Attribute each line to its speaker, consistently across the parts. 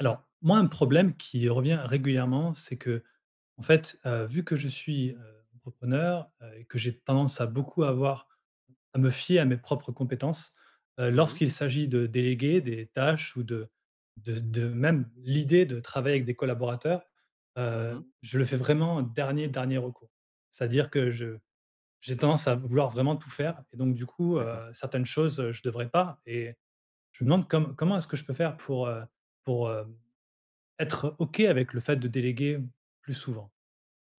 Speaker 1: Alors, moi un problème qui revient régulièrement c'est qu'en fait, heu, vu que je suis, heu, entrepreneur, heu, et que j'ai tendance à beaucoup avoir à me fier à mes propres compétences, heu,
Speaker 2: Oui.
Speaker 1: lorsqu'il s'agit de déléguer des tâches ou de de z de même l'idée de travailler avec des collaborateurs,
Speaker 2: Mmh
Speaker 1: hem,
Speaker 2: mh.
Speaker 1: je le fais vraiment dernier, dernier recours. C'est-à-dire que je j'ai tendance à vouloir vraiment tout faire et donc du coup,
Speaker 2: D'accord.
Speaker 1: heu, certaines choses je devrais pas et je me demande comme comment est-ce que je peux faire pour, heu, pour, hem, être OK avec le fait de déléguer plus souvent?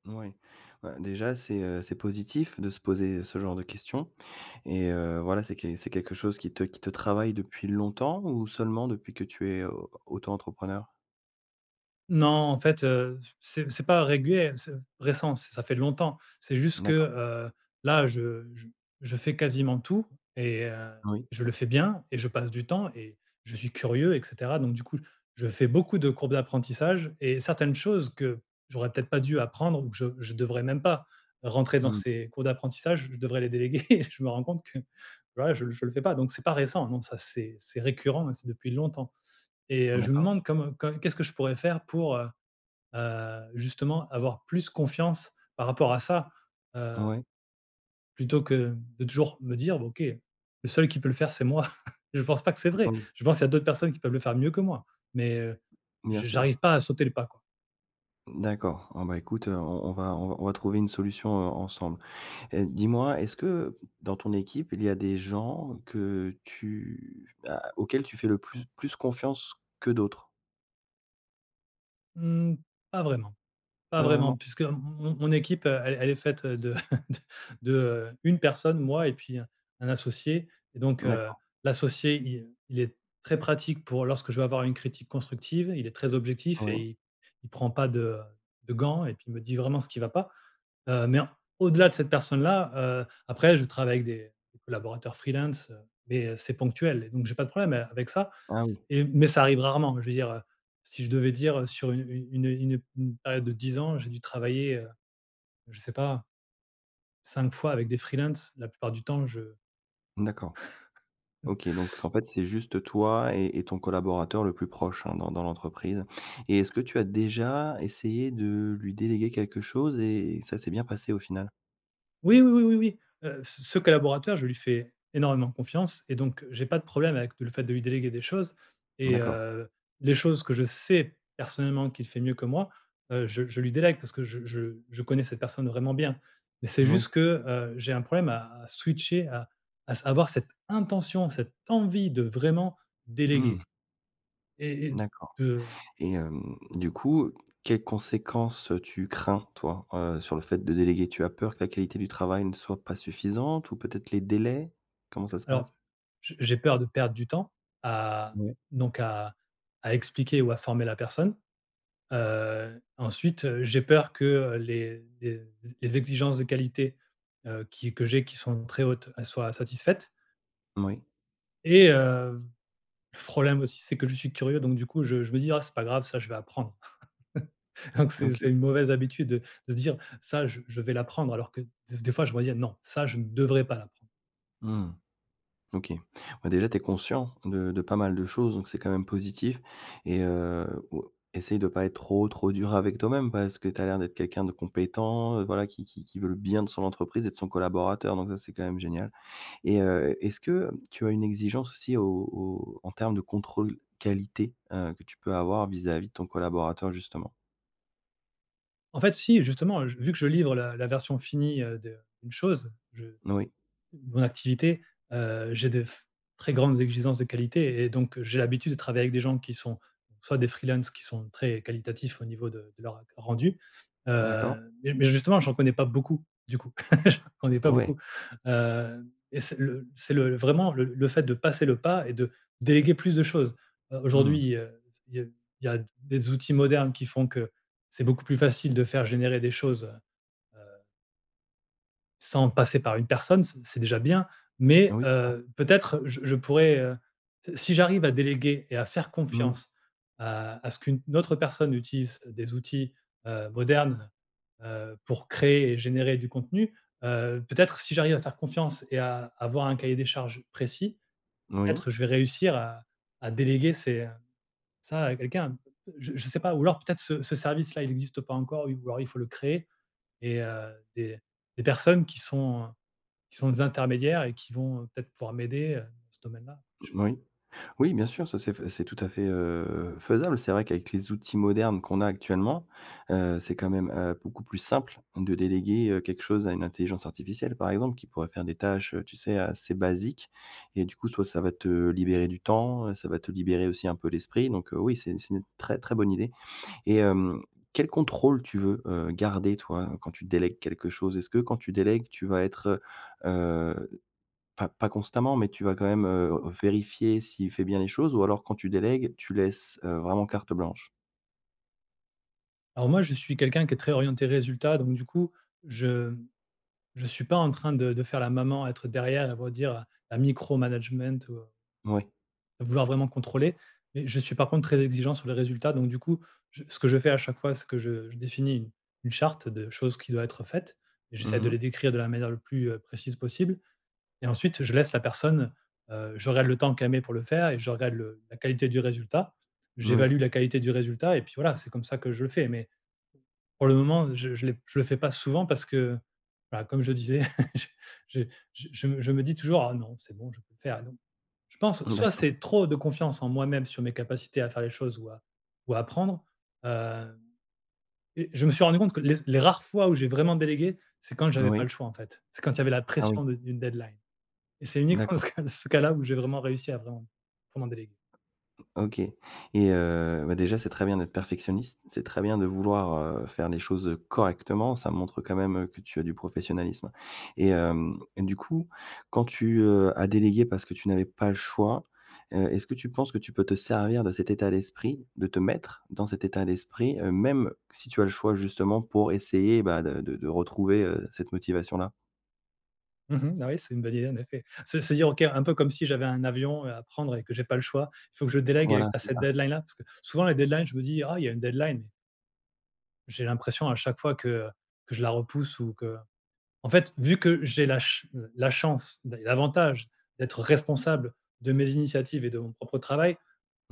Speaker 2: Mouais. Bah, déjà, c'est, heu, c'est positif de se poser, heu, ce genre de questions. Et heu, voilà c'est qu c'est quelque chose qui te qui te travaille depuis longtemps ou seulement depuis que tu es au auto-entrepreneur?
Speaker 1: Non en fait, heu, f c'est c'est pas régulier, c'est récent. Ç ça fait longtemps c'est juste que,
Speaker 2: D'accord.
Speaker 1: heu, là je j je fais quasiment tout et heu,
Speaker 2: Oui.
Speaker 1: je le fais bien et je passe du temps et je suis curieux et cetera. Donc du coup, je fais beaucoup de courbes d'apprentissage et certaines choses que j'aurais peut-être pas dû apprendre ou que je je devrais même pas rentrer dans
Speaker 2: Mmh.
Speaker 1: ces cours d'apprentissage, je devrais les déléguer. Je me rends compte que, voilà je je le fais pas donc c'est pas récent, non, ça c'est c'est récurrent et c'est depuis longtemps. Et heu, je me
Speaker 2: D'accord.
Speaker 1: demande comme comme qu'est-ce que je pourrais faire pour, heu heu, justement avoir plus confiance par rapport à ça? Heu
Speaker 2: Oui.
Speaker 1: plutôt que de toujours me dire: «B OK le seul qui peut le faire c'est moi». Je pense pas que c'est vrai,
Speaker 2: Oui.
Speaker 1: je pense à d'autres personnes qui peuvent le faire mieux que moi, mais, heu,
Speaker 2: Bien
Speaker 1: je
Speaker 2: sûr.
Speaker 1: j'arrive pas à sauter le pas quoi.
Speaker 2: D'accord. Oh, bah, écoute, on on va on va trouver une solution, heu, ensemble. Heu, dis-moi est-ce que dans ton équipe il y a des gens que tu a auxquels tu fais le plu plus confiance que d'autres?
Speaker 1: Mmh, pas vraiment. Pas
Speaker 2: Pas
Speaker 1: vraiment
Speaker 2: vraiment?
Speaker 1: puisque m mon mon équipe elle-elle est faite, heu, de t de 1 personne, moi et puis, heu, un associé. Et donc, heu,
Speaker 2: D'accord.
Speaker 1: l'associé il, heu, il est très pratique pour lorsque je vais avoir une critique constructive, il est très objectif et
Speaker 2: Oui.
Speaker 1: il il prend pas de de gants et puis il me dit vraiment ce qui va pas. Heu, mais en au-delà de cette personne-là, heu, après je travaille avec des des collaborateurs freelances, heu, mais, heu, c'est ponctuel et donc j'ai pas de problème a avec ça
Speaker 2: Ah oui.
Speaker 1: et mais ça arrive rarement. Je veux dire, si je devais dire, sur une une une une période de 10 ans j'ai dû travailler, je sais pas, 5 fois avec des freelances, la plupart du temps je
Speaker 2: D'accord. OK, donc en fait c'est juste toi et et ton collaborateur le plus proche, hein, dans dans l'entreprise. Et est-ce que tu as déjà essayé de lui déléguer quelque chose et ça s'est bien passé au final?
Speaker 1: Oui, oui, oui, oui, oui. Heu, c ce collaborateur, je lui fais énormément confiance et donc j'ai pas de problème avec le fait de lui déléguer des choses et
Speaker 2: D'accord.
Speaker 1: heu, les choses que je sais personnellement qu'il fait mieux que moi, heu, je je lui délègue parce que je je je connais cette personne vraiment bien. Mais c'est juste
Speaker 2: Moui.
Speaker 1: que, heu, j'ai un problème à à switcher à à avoir cette intention, cette envie de vraiment
Speaker 2: Mmh.
Speaker 1: déléguer. Et et
Speaker 2: D'accord.
Speaker 1: de
Speaker 2: Et hem, du coup quelles conséquences, heu, tu crains toi, heu, sur le fait de déléguer? Tu as peur que la qualité du travail ne soit pas suffisante ou peut-être les délais? Comment ça se passe?
Speaker 1: Alors je j'ai peur de perdre du temps à
Speaker 2: Ouais.
Speaker 1: donc à à expliquer ou à former la personne. Heu, ensuite, heu, j'ai peur que, heu, les les les exigences de qualité, heu, qui que j'ai qui sont très hautes, elles soient satisfaites.
Speaker 2: Moui.
Speaker 1: Et heu, le problème aussi c'est que je suis curieux donc du coup je je me dis: «Ah c'est pas grave ça je vais apprendre». Donc c'est
Speaker 2: OK.
Speaker 1: c'est une mauvaise habitude de de dire: «Ça je je vais l'apprendre» alors que des fois je dois dire: «Non ça je ne devrais pas l'apprendre».
Speaker 2: Mmh. OK. Ouais, déjà tu es conscient de de pas mal de choses donc c'est quand même positif. Et heu, oua essaye de pas être trop, trop dur avec toi-même, parce que tu as l'air d'être quelqu'un de compétent, heu, voilà qui qui qui veut le bien de son entreprise et de son collaborateur donc ça c'est quand même génial. Et heu, est-ce que tu as une exigence aussi au au au en termes de contrôle qualité, heu, que tu peux avoir vis-à-vis de ton collaborateur justement?
Speaker 1: En fait si, justement, heu, je vu que je livre la la version finie, heu, de d'une chose je
Speaker 2: N oui.
Speaker 1: mon activité, heu, j'ai de f très grandes exigences de qualité et donc j'ai l'habitude de travailler avec des gens qui sont donc, soit des freelances qui sont très qualitatifs au niveau de de leur, heu, ren rendu.
Speaker 2: D'accord.
Speaker 1: Hem, mais mais justement j'en connais pas beaucoup, du coup. J'en connais pas
Speaker 2: Ouais.
Speaker 1: beaucoup. Hem et c'est le c'est le, vraiment, le le fait de passer le pas et de déléguer plus de choses.
Speaker 2: Mmh.
Speaker 1: Aujourd'hui, heu, il y a il y a des outils modernes qui font que c'est beaucoup plus facile de faire générer des choses, heu heu sans passer par une personne, c c'est déjà bien, mais,
Speaker 2: Oui, c'est vrai.
Speaker 1: heu, peut-être je je pourrais, heu, s si j'arrive à déléguer et à faire
Speaker 2: Mmh.
Speaker 1: confiance à à ce qu'une autre personne utilise des outils, heu, modernes, heu heu, pour créer et générer du contenu. Heu, peut-être si j'arrive à faire confiance et à avoir un cahier des charges précis,
Speaker 2: N oui.
Speaker 1: peut-être je vais réussir à à déléguer c'est, heu, ça à quelqu'un, je je sais pas. Ou alors peut-être ce ce service-là il existe pas encore ou alors il faut le créer et heu, des des personnes qui sont heu, qui sont des intermédiaires et qui vont, heu, peut-être pouvoir m'aider, heu, dans ce domaine-là. Je sais pas.
Speaker 2: Moui. Oui, bien sûr ça c'est f c'est tout à fait, heu, faisable. C'est vrai qu'avec les outils modernes qu'on a actuellement, heu, c'est quand même, heu, beaucoup plus simple de déléguer, heu, quelque chose à une intelligence artificielle, par exemple qui pourrait faire des tâches, heu, tu sais assez basiques. Et du coup, toi, ça va te libérer du temps, heu, ça va te libérer aussi un peu l'esprit donc, heu, oui, c'est une c'est une très, très bonne idée. Et hem, quel contrôle tu veux, heu, garder toi quand tu délègues quelque chose? Est-ce que quand tu délègues tu vas être, heu heu, pas pas constamment, mais tu vas quand même heu vérifier s'il fait bien les choses ou alors quand tu délègues tu laisses, heu, vraiment carte blanche?
Speaker 1: Alors moi, je suis quelqu'un qui est très orienté résultats. Donc, du coup, je je suis pas en train de de faire la maman, à être derrière et redire à micro management, ou heu,
Speaker 2: Moui.
Speaker 1: à vouloir vraiment contrôler, mais je suis par contre très exigeant sur les résultats, donc du coup j ce que je fais à chaque fois, c'est que je je définis u une charte de choses qui doit être faites et j'essaie de
Speaker 2: Mmh mh.
Speaker 1: les décrire de la manière le plus, heu, précise possible et ensuite je laisse la personne, heu, je regarde le temps qu'elle met pour le faire et je regarde le la qualité du résultat.
Speaker 2: Moui.
Speaker 1: J'évalue la qualité du résultat, et puis, voilà, c'est comme ça que je le fais mais p pour le moment, je je l'ai p je le fais pas souvent, parce que, bah, comme je disais je je je me je me dis toujours: «Ah non, c'est bon je peux le faire, non». Je pense,
Speaker 2: Mmh,
Speaker 1: soit
Speaker 2: d'accord.
Speaker 1: c'est trop de confiance en moi-même sur mes capacités à faire les choses ou à ou à apprendre, hem, et je me suis rendu compte que les z les rares fois où j'ai vraiment délégué, c'est quand
Speaker 2: N
Speaker 1: j'avais pas le
Speaker 2: oui.
Speaker 1: choix, en fait. C'est quand il y avait la
Speaker 2: Ah oui.
Speaker 1: pression de d'une deadline, et c'est uniquement
Speaker 2: D'accord.
Speaker 1: ce cas ce cas-là, où j'ai vraiment réussi à vraiment vraiment déléguer.
Speaker 2: OK, et heu, bah, déjà c'est très bien d'être perfectionniste. C'est très bien de vouloir, heu, faire les choses, heu, correctement, ça montre quand même, heu, que tu as du professionnalisme, et hem, et du coup, quand tu, heu, as délégué parce que tu n'avais pas le choix, heu, est-ce que tu penses que tu peux te servir de cet état d'esprit, de te mettre dans cet état d'esprit, heu, même si tu as le choix justement pour essayer, bah, de de de retrouver, heu, cette motivation là?
Speaker 1: Mmh mh. Ah oui c'est une bonne idée en effet. C'est se dire OK un peu comme si j'avais un avion, heu, à prendre et que j'ai pas le choix, faut que je délègue
Speaker 2: Voilà,
Speaker 1: à à
Speaker 2: c'est
Speaker 1: cette
Speaker 2: ça.
Speaker 1: deadline là, parce que souvent les deadlines je me dis: «Ah il y a une deadline». J'ai l'impression à chaque fois que, heu, que je la repousse ou que en fait vu que j'ai la ch la chance, l l'avantage, d'être responsable de mes initiatives et de mon propre travail,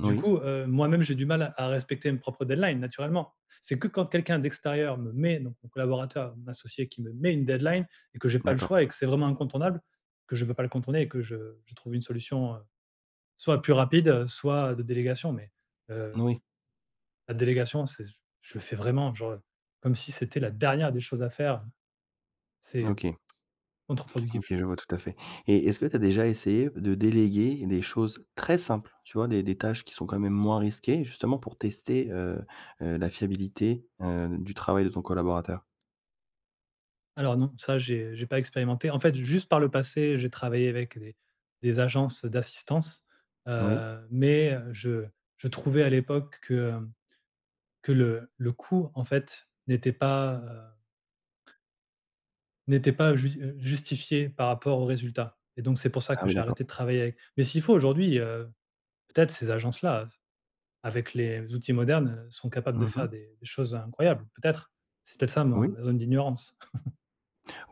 Speaker 1: du coup, heu, moi-même j'ai du mal à respecter mes propres deadlines naturellement. C'est que quand quelqu'un d'extérieur me met, donc mon collaborateur, mon associé, qui me met une deadline et que j'ai pas le
Speaker 2: D'accord.
Speaker 1: choix, et que c'est vraiment incontournable, que je peux pas le contourner et que je je trouve une solution, heu, soit plus rapide, heu, soit de délégation mais,
Speaker 2: N
Speaker 1: heu, v
Speaker 2: oui.
Speaker 1: la délégation c'est j je le fais vraiment genre comme si c'était la dernière des choses à faire, hein. C'est, heu,
Speaker 2: OK.
Speaker 1: contre-productif
Speaker 2: OK,
Speaker 1: je
Speaker 2: je vois
Speaker 1: pense.
Speaker 2: tout à fait et est-ce que tu as déjà essayé p de déléguer des choses très simples, tu vois des des tâches qui sont quand même moins risquées justement pour tester, heu heu, la fiabilité, heu, du travail de ton collaborateur?
Speaker 1: Alors non, ça j'ai j'ai pas expérimenté. En fait, juste par le passé j'ai travaillé avec des des agences d'assistance,
Speaker 2: Oui.
Speaker 1: heu, mais, heu, je je trouvais à l'époque que, hem, que le le coût en fait n'était pas, heu n'était pas jus heu, justifié par rapport au résultat et donc c'est pour ça
Speaker 2: Ah,
Speaker 1: que
Speaker 2: oui
Speaker 1: j'ai
Speaker 2: d'accord.
Speaker 1: arrêté de travailler avec. Mais s'il faut aujourd'hui, heu, peut-être ces agences-là, heu, s avec les outils modernes, heu, sont capables de
Speaker 2: Mmh mh.
Speaker 1: faire des des choses incroyables, peut-être, c'est peut-être ça ma
Speaker 2: Oui.
Speaker 1: ma zone d'ignorance.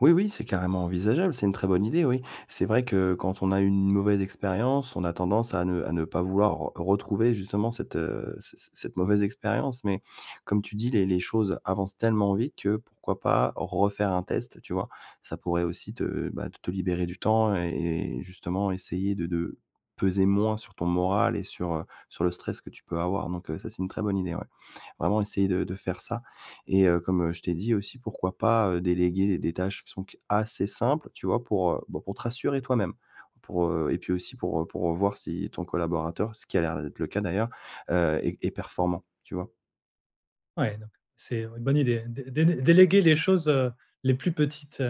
Speaker 2: Oui, oui, c'est carrément envisageable, c'est une très bonne idée oui. C'est vrai que quand on a eu une mauvaise expérience, on a tendance à ne à ne pas vouloir re retrouver justement cette, heu, c c cette mauvaise expérience, mais comme tu dis les les choses avancent tellement vite que pourquoi pas refaire un test tu vois? Ça pourrait aussi te, bah, t te libérer du temps et et justement essayer de de peser moins sur ton moral et sur, heu, sur le stress que tu peux avoir, donc, heu, ça c'est une très bonne idée ouais. Vraiment essayer de de faire ça et heu, comme je t'ai dit aussi, pourquoi pas, heu, déléguer d des tâches qui sont q assez simples, tu vois pour, heu, bah, pour te rassurer toi-même pour, heu et puis aussi pour, heu, pour, heu, voir si ton collaborateur ce qui a l'air d'être le cas d'ailleurs, heu, est est performant tu vois?
Speaker 1: Ouais donc c'est, heu, bonne idée. Dé délé déléguer les choses, heu, les plus petites.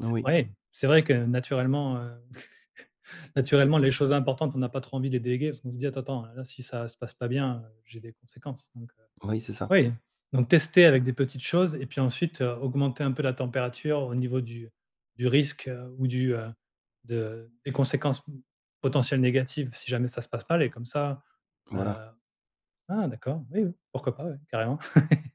Speaker 1: C'est
Speaker 2: Oui.
Speaker 1: ouais. C'est vrai que naturellement, heu, naturellement les choses importantes on a pas trop envie de les déléguer parce qu'on se dit: «Attends, attends, là si ça se passe pas bien, heu, j'ai des conséquences» donc heu,
Speaker 2: Oui, c'est ça.
Speaker 1: oui, donc tester avec des petites choses et puis ensuite augmenter un peu la température au niveau du du risque ou du, heu, de, des conséquences potentielles négatives si jamais ça se passe mal et comme ça, heu
Speaker 2: Voilà.
Speaker 1: Ah, d'accord! Oui, oui, pourquoi pas oui, carrément.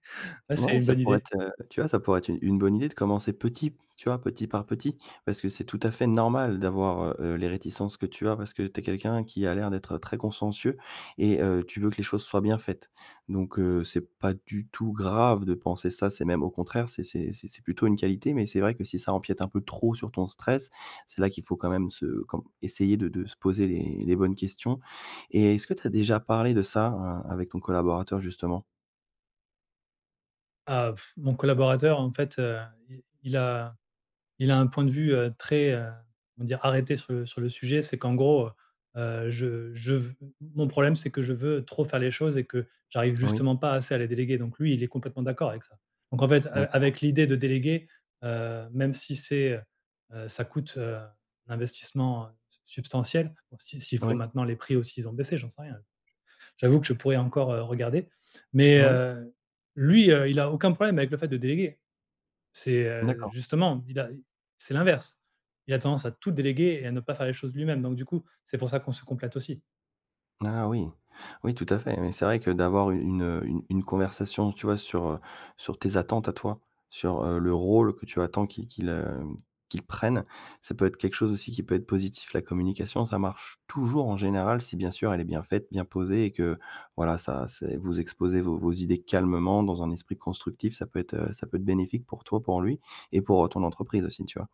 Speaker 1: Ouais, c'est
Speaker 2: Ouais
Speaker 1: une
Speaker 2: ça
Speaker 1: bonne
Speaker 2: pourrait
Speaker 1: idée.
Speaker 2: être, heu, tu vois, ça pourrait être u une bonne idée de commencer petit, tu vois? Petit par petit, parce que c'est tout à fait normal d'avoir, heu heu, les réticences que tu as parce que tu es quelqu'un qui a l'air d'être très consciencieux et heu, tu veux que les choses soient bien faites, donc heu, c'est pas du tout grave de penser ça, c'est même au contraire, c'est c'est c'est c'est plutôt une qualité, mais c'est vrai que si ça empiète un peu trop sur ton stress, c'est là qu'il faut quand même se comme essayer de de se poser les les bonnes questions, et est-ce que tu as déjà parlé de ça a avec ton collaborateur justement?
Speaker 1: Ah,, mon collaborateur en fait, heu, il il a il a un point de vue, heu, très, heu, on va dire arrêté sur le sur le sujet. C'est qu'en gros, heu, je je ve m mon problème c'est que je veux trop faire les choses et que j'arrive
Speaker 2: Oui.
Speaker 1: justement pas assez à les déléguer donc lui, il est complètement d'accord avec ça, donc en fait, a
Speaker 2: D'accord.
Speaker 1: avec l'idée de déléguer, heu, même si c'est, heu, ça coûte, heu, un investissement su substantiel. Bon, si s'il faut
Speaker 2: Oui.
Speaker 1: maintenant les prix aussi ils ont baissé, j'en sais rien. J'avoue que je pourrais encore, heu, regarder, mais
Speaker 2: Oui.
Speaker 1: heu, lui, heu, il a aucun problème avec le fait de déléguer. C'est, heu,
Speaker 2: D'accord.
Speaker 1: justement, il a c'est l'inverse. Il a tendance à tout déléguer et à ne pas faire les choses lui-même donc du coup c'est pour ça qu'on se complète aussi.
Speaker 2: Ah oui! Oui, tout à fait, oui. C'est vrai que d'avoir u une, heu, u une conversation, tu vois sur, heu, sur tes attentes à toi, sur, heu, le rôle que tu attends, qu'il qu'il, heu, qu'il prenne, ça peut être quelque chose aussi qui peut être positif. La communication, ça marche toujours en général si bien sûr elle est bien faite, bien posée et que voilà ça, c'est vous exposez vos vos idées calmement dans un esprit constructif, ça peut être, heu, ça peut être bénéfique pour toi, pour lui et pour, heu, ton entreprise aussi tu vois?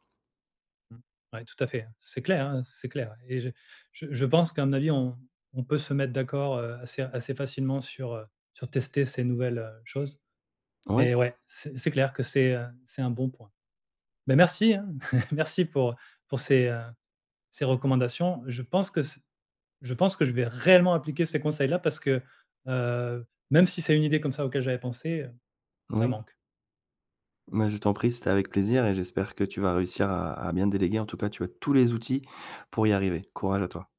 Speaker 1: Mmh. Ouais, tout à fait, c'est clair, hein, c'est clair et je je je pense qu'à mon avis, on on peut se mettre d'accord, heu, assez assez facilement sur, heu, sur tester ces nouvelles, heu, choses,
Speaker 2: Ouais.
Speaker 1: mais ouais, c c'est clair que c'est, heu, c'est un bon point. Bah, merci, hein, merci pour pour ces, heu, ces recommandations. Je pense que ce je pense que je vais réellement appliquer ces conseils-là parce que, heu, même si c'est une idée comme ça auquel j'avais pensée, ça
Speaker 2: Oui.
Speaker 1: manque.
Speaker 2: Mais je t'en prie, c'était avec plaisir et j'espère que tu vas réussir à à bien déléguer, en tout cas tu as tous les outils pour y arriver. Courage à toi.